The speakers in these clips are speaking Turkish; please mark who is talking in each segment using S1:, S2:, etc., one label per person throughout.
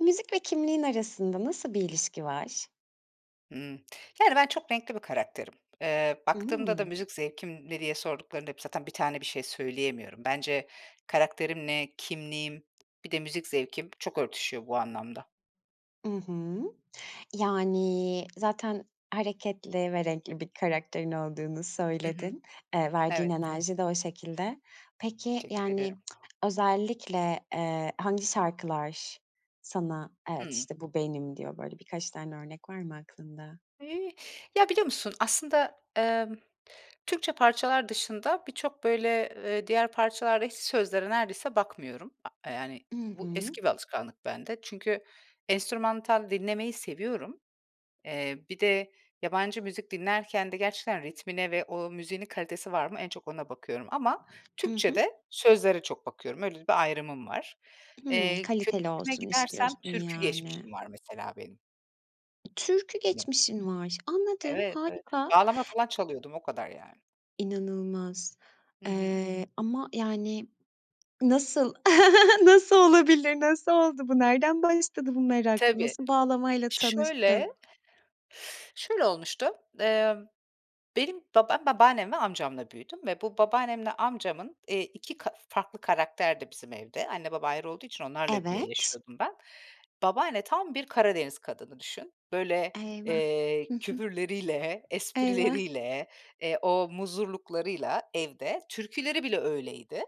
S1: Müzik ve kimliğin arasında nasıl bir ilişki var?
S2: Hımm, yani, ben çok renkli bir karakterim. Iıı, baktığımda da
S1: Imm.
S2: müzik zevkim ne diye sorduklarında zaten bir tane bir şey söyleyemiyorum. Bence karakterimle, kimliğim bir de müzik zevkim çok örtüşüyor bu anlamda.
S1: I hı, yani, zaten hareketli ve renkli bir karakterin olduğunu
S2: Hı hı.
S1: söyledin. Iıı, verdiğin
S2: Evet.
S1: enerji de o şekilde. Peki,
S2: Teşekkür
S1: yani,
S2: ederim.
S1: özellikle, eee, hangi şarkılar sana, "Evet,
S2: Hıı.
S1: işte, bu benim." diyor. Böyle birkaç tane örnek var mı aklında?
S2: Ya, biliyor musun, aslında, ımm, Türkçe parçalar dışında birçok, böyle, eee, diğer parçalarda hiç sözlere neredeyse bakmıyorum, aaa, yani,
S1: I
S2: bu
S1: hı.
S2: eski bir alışkanlık bende. Çünkü enstrümantal dinlemeyi seviyorum. Eee, bir de yabancı müzik dinlerken de gerçekten ritmine ve o müziğin kalitesi var mı en çok ona bakıyorum ama
S1: I hı.
S2: Türkçede sözlere çok bakıyorum. Öyle bir ayrımım var.
S1: Hımm,
S2: Eee,
S1: kaliteli
S2: köklerime
S1: olsun
S2: gidersem
S1: istiyorsun,
S2: türkü
S1: yani.
S2: geçmişim var mesela benim.
S1: Türkü
S2: [unintelligible]
S1: geçmişin var, anladım,
S2: Evet, evet.
S1: harika.
S2: Bağlama falan çalıyordum o kadar, yani.
S1: İnanılmaz,
S2: Hı hı.
S1: ııı, ama yani, nasıl? Nasıl olabilir? Nasıl oldu bu? Nereden başladı bu merak?
S2: Tabii.
S1: Nasıl bağlamayla
S2: Şöyle...
S1: tanıştın?
S2: Şöyle olmuştu. Imm, benim baba Ben, babaannem ve amcamla büyüdüm ve bu babaannemle amcamın, eee, 2 ka farklı karakterdi bizim evde. Anne baba ayrı olduğu için onlarla bir
S1: Evet.
S2: yaşıyordum ben. Babaanne, tam bir Karadeniz kadını düşün. Böyle,
S1: Eyvah.
S2: eee,
S1: Hı hı.
S2: küfürleriyle,
S1: Eyvah.
S2: esprileriyle, eee, o muzurluklarıyla evde. Türküleri bile öyleydi.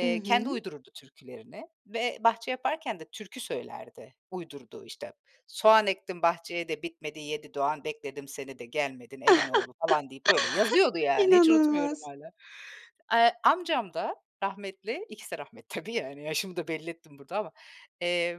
S1: I
S2: kendi
S1: hı.
S2: uydururdu türkülerini ve bahçe yaparken de türkü söylerdi. Uydurduğu işte: ”Soğan ektim bahçeye de bitmedi, yedi doğan bekledim seni de gelmedin elin oğlu,” falan deyip, böyle yazıyordu, yani. Hiç unutmuyorum
S1: İnanılmaz.
S2: hâlâ. Eee, amcam da rahmetli. İkisi de rahmetli, tabii, yani, yaşımı da belli ettim burada ama. Eee,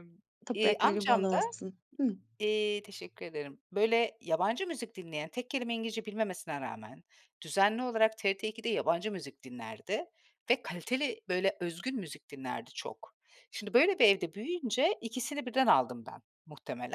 S2: iii,
S1: Toprakları
S2: amcam
S1: bol
S2: da
S1: olsun. Hıı.
S2: iii, teşekkür ederim, böyle, yabancı müzik dinleyen, tek kelime İngilizce bilmemesine rağmen düzenli olarak TRT ikide yabancı müzik dinlerdi ve kaliteli, böyle, özgün müzik dinlerdi çok. Şimdi, böyle bir evde büyüyünce ikisini birden aldım ben muhtemelen.